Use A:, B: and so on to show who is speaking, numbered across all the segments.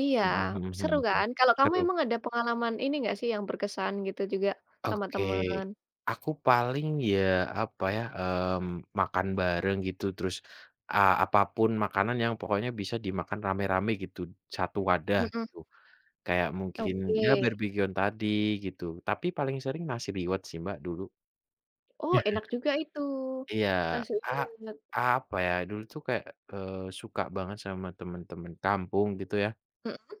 A: Iya,
B: Mhm mhm
A: seru
B: mhm mhm.
A: kan. Kalau kamu
B: Seru.
A: emang ada pengalaman ini enggak sih, yang berkesan gitu, juga sama
B: Oke,
A: teman?
B: aku paling ya, apa ya, mmm, makan bareng gitu, terus a apa pun makanan yang pokoknya bisa dimakan rame-rame gitu, 1 wadah
A: Mhm.
B: gitu. Kayak mungkin, ya
A: Oke.
B: barbekyuan tadi gitu. Tapi paling sering nasi liwet sih Mbak, dulu.
A: Oh, enak juga itu,
B: Iya,
A: nasi
B: a
A: liwet.
B: apa ya, dulu tuh kayak, eee, suka banget sama temen-temen kampung gitu ya.
A: Mhm.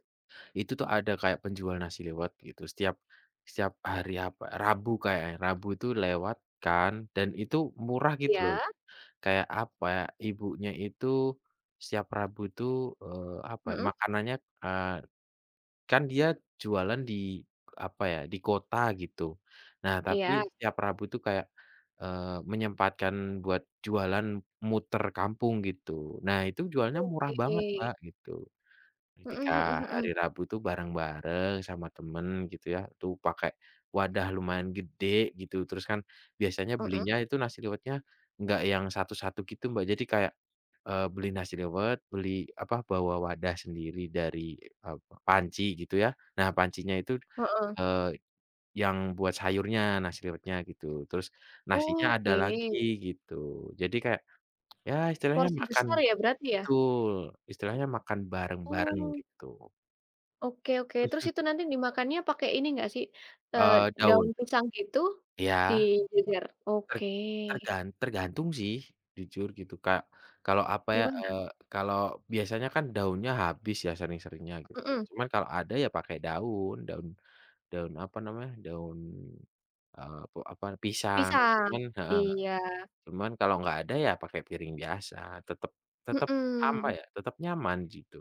B: Itu tuh ada kayak penjual nasi liwet gitu, setiap setiap hari apa Rabu kayaknya, Rabu itu lewat kan dan itu murah gitu loh,
A: Iya.
B: kayak apa, ibunya itu setiap Rabu itu, eee, apa ya,
A: Mhm.
B: makanannya, eee, kan dia jualan di apa ya, di kota gitu. Nah, tapi
A: Iya.
B: setiap Rabu tuh kayak, eee, menyempatkan buat jualan muter kampung gitu. Nah, itu jualnya murah banget
A: Oke.
B: Mbak, gitu, ketika
A: Mhm mhm
B: hari
A: mhm.
B: Rabu tuh bareng-bareng sama temen gitu ya, tuh pakai wadah lumayan gede gitu, terus kan biasanya
A: Mhm.
B: belinya itu nasi liwetnya enggak yang satu-satu gitu, Mbak. Jadi kayak, eee, beli nasi liwet, beli apa, bawa wadah sendiri dari, eee, panci gitu ya. Nah, pancinya itu,
A: Heeh.
B: eee, yang buat sayurnya nasi liwetnya gitu. Terus nasinya ada
A: Oke.
B: lagi gitu. Jadi kayak, ya, istilahnya
A: Porsi
B: makan
A: besar ya, berarti ya?
B: betul, istilahnya makan bareng-bareng
A: Oh.
B: gitu.
A: Oke oke, terus itu nanti dimakannya pakai ini enggak sih, eee,
B: Eee,
A: daun
B: daun.
A: pisang gitu,
B: Iya.
A: dijejer?
B: Ter
A: Oke.
B: tergan tergantung sih, jujur gitu, kayak kalau apa ya,
A: Gimana?
B: eee, kalau biasanya kan daunnya habis ya, sering-seringnya gitu.
A: Mhm.
B: Cuman kalau ada ya pakai daun, daun daun apa namanya, daun, eee, pe apa, pisang gitu
A: Pisang.
B: kan heeh,
A: Iya.
B: cuman kalau nggak ada, ya pakai piring biasa, tetep tetep apa
A: Mhm.
B: ya, tetep nyaman jitu.